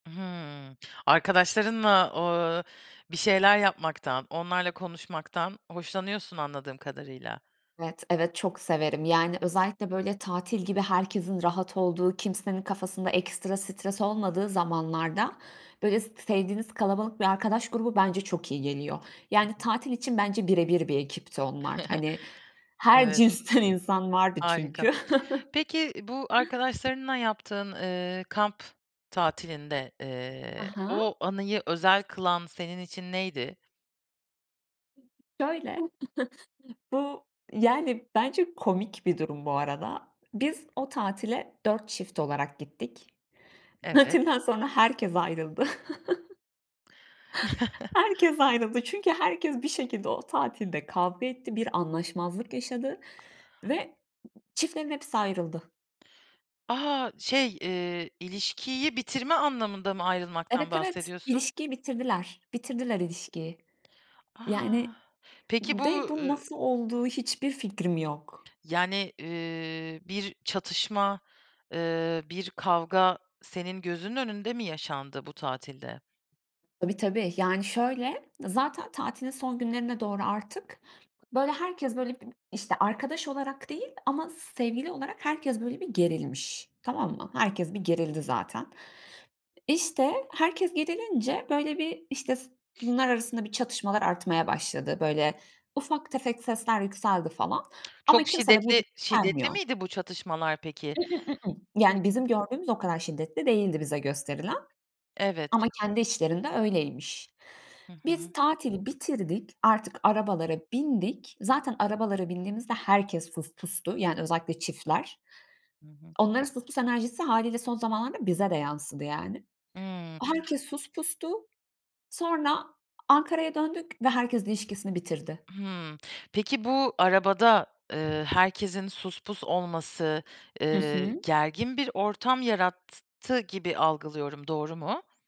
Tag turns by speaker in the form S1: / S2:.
S1: Hıı, arkadaşlarınla, ııı, bir şeyler yapmaktan, onlarla konuşmaktan hoşlanıyorsun anladığım kadarıyla.
S2: Evet, evet çok severim. Yani, özellikle böyle tatil gibi herkesin rahat olduğu, kimsenin kafasında ekstra stres olmadığı zamanlarda böyle s sevdiğiniz kalabalık bir arkadaş grubu bence çok iyi geliyor.
S1: Hı
S2: Yani,
S1: hı.
S2: tatil için bence birebir bir ekipti onlar. Hani her
S1: Evet.
S2: cinsten insan vardı
S1: Harika.
S2: çünkü.
S1: Peki, bu arkadaşlarınla yaptığın, ııı, kamp tatilinde, eee,
S2: Aha.
S1: o anıyı özel kılan senin için neydi?
S2: Şöyle bu, yani, bence komik bir durum bu arada. Biz o tatile 4 çift olarak gittik.
S1: Evet.
S2: Tatilden sonra herkes ayrıldı. Herkes ayrıldı çünkü herkes bir şekilde o tatilde kavga etti. Bir anlaşmazlık yaşadı ve çiftlerin hepsi ayrıldı.
S1: A! Şey, ııı, ilişkiyi bitirme anlamında mı ayrılmaktan
S2: Evet, evet.
S1: bahsediyorsun?
S2: İlişkiyi bitirdiler, bitirdiler ilişkiyi.
S1: A!
S2: Yani
S1: Peki bu,
S2: ve bu
S1: ııı
S2: nasıl oldu, hiçbir fikrim yok.
S1: Yani, ııı, bir çatışma, ııı, bir kavga senin gözünün önünde mi yaşandı bu tatilde?
S2: Tabii, tabii. Yani şöyle zaten tatilin son günlerine doğru artık böyle herkes böyle b işte arkadaş olarak değil ama sevgili olarak herkes böyle bir gerilmiş tamam mı? Herkes bir gerildi zaten. İşte herkes gerilince böyle bir işte s bunlar arasında bir çatışmalar artmaya başladı. Böyle ufak tefek sesler yükseldi falan ama
S1: Çok
S2: kimse de bu.
S1: şiddetli şiddetli
S2: [unintelligible]
S1: miydi bu çatışmalar peki?
S2: [unintelligible] Yani, bizim gördüğümüz o kadar şiddetli değildi bize gösterilen.
S1: Evet.
S2: Ama kendi içlerinde öyleymiş.
S1: Hı hı.
S2: Biz tatili bitirdik artık arabalara bindik. Zaten arabalara bindiğimizde herkes sus pustu yani özellikle çiftler.
S1: Hı hı.
S2: Onların sus pus enerjisi hâliyle son zamanlarda bize de yansıdı yani.
S1: Hıı.
S2: Herkes sus pustu. Sonra Ankara'ya döndük ve herkes ilişkisini bitirdi.
S1: Hıı. Peki, bu arabada, ııı, herkesin sus pus olması,
S2: Hı
S1: eee,
S2: hı.
S1: gergin bir ortam yarattı gibi algılıyorum, doğru mu?